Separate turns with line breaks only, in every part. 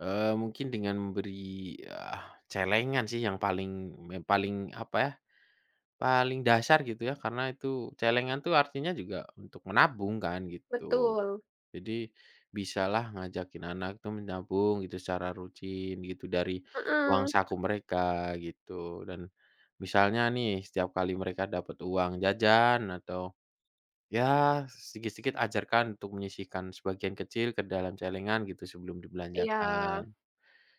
Eee, mungkin dengan memberi, eee, celengan sih yang paling yang paling, apa ya, paling dasar, gitu ya. Karena itu celengan tuh artinya juga untuk menabung kan, gitu.
Betul.
Jadi bisalah ngajakin anak tuh menabung gitu, secara rutin gitu, dari uang
Mhm.
saku mereka, gitu. Dan, misalnya nih, setiap kali mereka dapat uang jajan, atau ya sedikit-sedikit ajarkan untuk menyisihkan sebagian kecil ke dalam celengan gitu, sebelum
Iya.
dibelanjakan.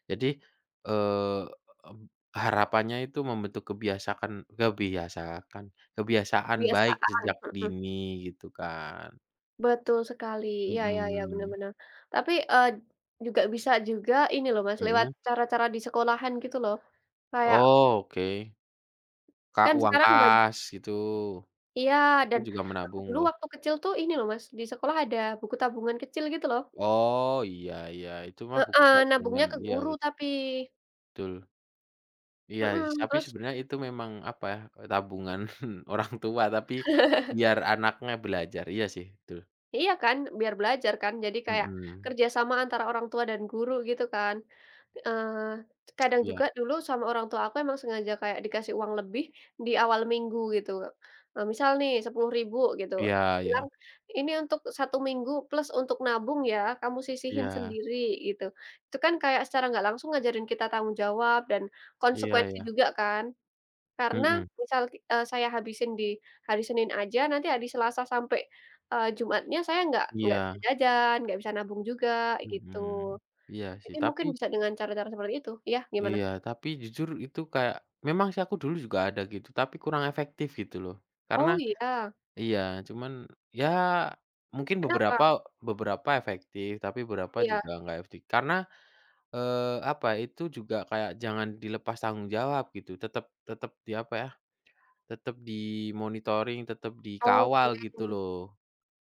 Jadi, eee, mmm, harapannya itu membentuk kebiasakan kebiasakan kebiasaan baik
Kebiasaan,
sejak
heeh.
dini, gitu kan.
Betul sekali, iya iya iya, bener
Mhm.
bener. Tapi, eee, juga bisa juga ini loh, Mas, lewat
Mhm.
cara-cara di sekolahan gitu loh, kayak
Oh, oke. Ka
Kan
uang
sekarang banyak
kas, gitu.
Iya,
Itu
dan
juga
aku
menabung,
dulu
loh.
waktu kecil tuh, ini loh Mas, di sekolah ada buku tabungan kecil, gitu loh.
Oh, iya iya. Itu mah buku
Heeh,
tabungan,
nabungnya ke
iya,
guru
betul.
tapi.
Betul. Iya,
Mhm,
tapi
terus
sebenarnya itu memang, apa ya, tabungan orang tua, tapi biar anaknya belajar, iya sih, betul.
Iya, kan? Biar belajar, kan? Jadi, kayak
Mhm.
kerjasama antara orang tua dan guru, gitu kan? Eee, kadang juga
Iya.
dulu, sama orang tua aku emang sengaja kayak dikasih uang lebih di awal minggu, gitu. Eee, misal nih, 10.000 gitu,
Iya
dibilang,
iya.
"Ini untuk 1 minggu, plus untuk nabung ya, kamu sisihin
Iya.
sendiri," gitu. Itu kan kayak, secara nggak langsung ngajarin kita tanggung jawab, dan
Iya
konsekuensi
iya.
juga, kan? Karena,
Mhm.
misal ki eee, saya habisin di hari Senin aja, nanti hari Selasa sampai, eee, Jumatnya, saya nggak nggak bisa
Iya.
jajan, nggak bisa nabung juga, gitu.
Mhm, iya, sih.
Jadi
Tapi
mungkin bisa dengan cara-cara seperti itu. Iya, gimana?
Iya, tapi jujur itu kayak memang sih, aku dulu juga ada gitu, tapi kurang efektif, gitu loh. Karena
Oh, iya?
iya, cuman ya mungkin
Kenapa?
beberapa beberapa efektif, tapi beberapa juga
Iya.
nggak efektif. Karena, eee, apa, itu juga kayak jangan dilepas tanggung jawab gitu, tetep tetep di apa ya, tetep di monitoring, tetep dikawal, gitu
Oke.
loh.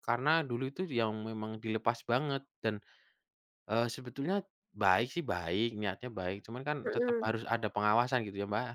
Karena dulu itu yang memang dilepas banget, dan, eee, sebetulnya baik sih baik, niatnya baik, cuman kan tetap
Mhm.
harus ada pengawasan, gitu ya, Mbak.